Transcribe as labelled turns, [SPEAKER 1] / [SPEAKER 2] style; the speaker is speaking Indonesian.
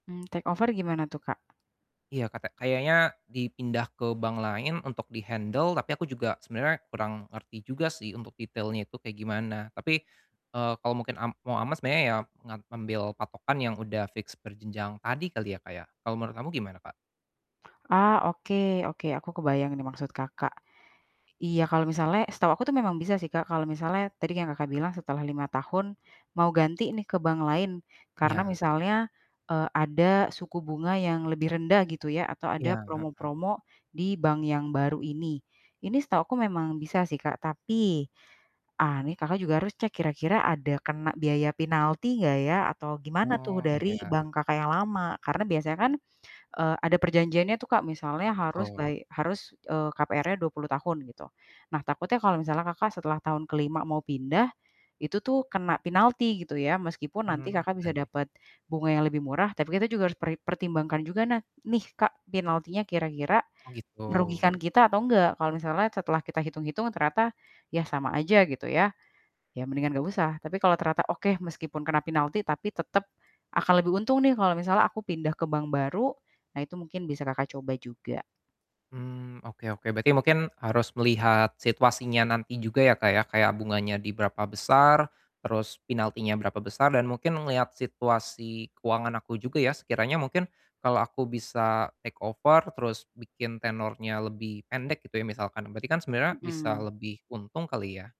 [SPEAKER 1] Mmm, take over gimana tuh, Kak?
[SPEAKER 2] Iya katek kayaknya dipindah ke bank lain untuk di-handle, tapi aku juga sebenernya kurang ngerti juga sih untuk detailnya itu kayak gimana, tapi, eee, kalau mungkin am mau aman sebenernya ya, ngam ngambil patokan yang udah fix berjenjang tadi kali ya, Kak, ya. Kalau menurut kamu gimana, Kak?
[SPEAKER 1] Ah, oke oke, aku kebayang ini maksud Kakak. Iya, kalau misalnya setahu aku tuh memang bisa sih, Kak, kalau misalnya tadi kan Kakak bilang setelah 5 tahun, mau ganti nih ke bank lain, karena
[SPEAKER 2] Iya.
[SPEAKER 1] misalnya, eee, ada suku bunga yang lebih rendah gitu ya, atau ada
[SPEAKER 2] Iya, heeh.
[SPEAKER 1] promo-promo di bank yang baru ini. Ini setahuku memang bisa sih, Kak. Tapi, ah, ini Kakak juga harus cek kira-kira ada kena biaya pinalti nggak ya atau gimana tuh
[SPEAKER 2] Oh,
[SPEAKER 1] dari
[SPEAKER 2] iya.
[SPEAKER 1] bank Kakak yang lama? Karena biasanya kan, eee, ada perjanjiannya tuh, Kak. Misalnya harus
[SPEAKER 2] Betul.
[SPEAKER 1] bay harus, eee, KPR-nya 20 tahun gitu. Nah takutnya kalau misalnya Kakak setelah tahun ke-5 mau pindah, itu tuh kena pinalti gitu ya. Meskipun nanti
[SPEAKER 2] Mmm,
[SPEAKER 1] Kakak bisa
[SPEAKER 2] benar.
[SPEAKER 1] dapet bunga yang lebih murah, tapi kita juga harus peri pertimbangkan juga na nih, Kak, pinaltinya kira-kira
[SPEAKER 2] Oh, gitu.
[SPEAKER 1] merugikan kita atau nggak. Kalau misalnya setelah kita hitung-hitung ternyata ya sama aja, gitu ya. Ya mendingan nggak usah. Tapi kalau ternyata, "Oke, meskipun kena pinalti tapi tetep, akan lebih untung nih kalau misalnya aku pindah ke bank baru." Nah itu mungkin bisa Kakak coba juga.
[SPEAKER 2] Mmm, oke oke, berarti mungkin harus melihat situasinya nanti juga ya, Kak, ya, kayak bunganya di berapa besar, terus pinaltinya berapa besar dan mungkin ngeliat situasi keuangan aku juga ya, sekiranya mungkin kalau aku bisa take over terus bikin tenornya lebih pendek gitu ya misalkan, berarti kan sebenernya bisa
[SPEAKER 1] Mhm.
[SPEAKER 2] lebih untung kali ya.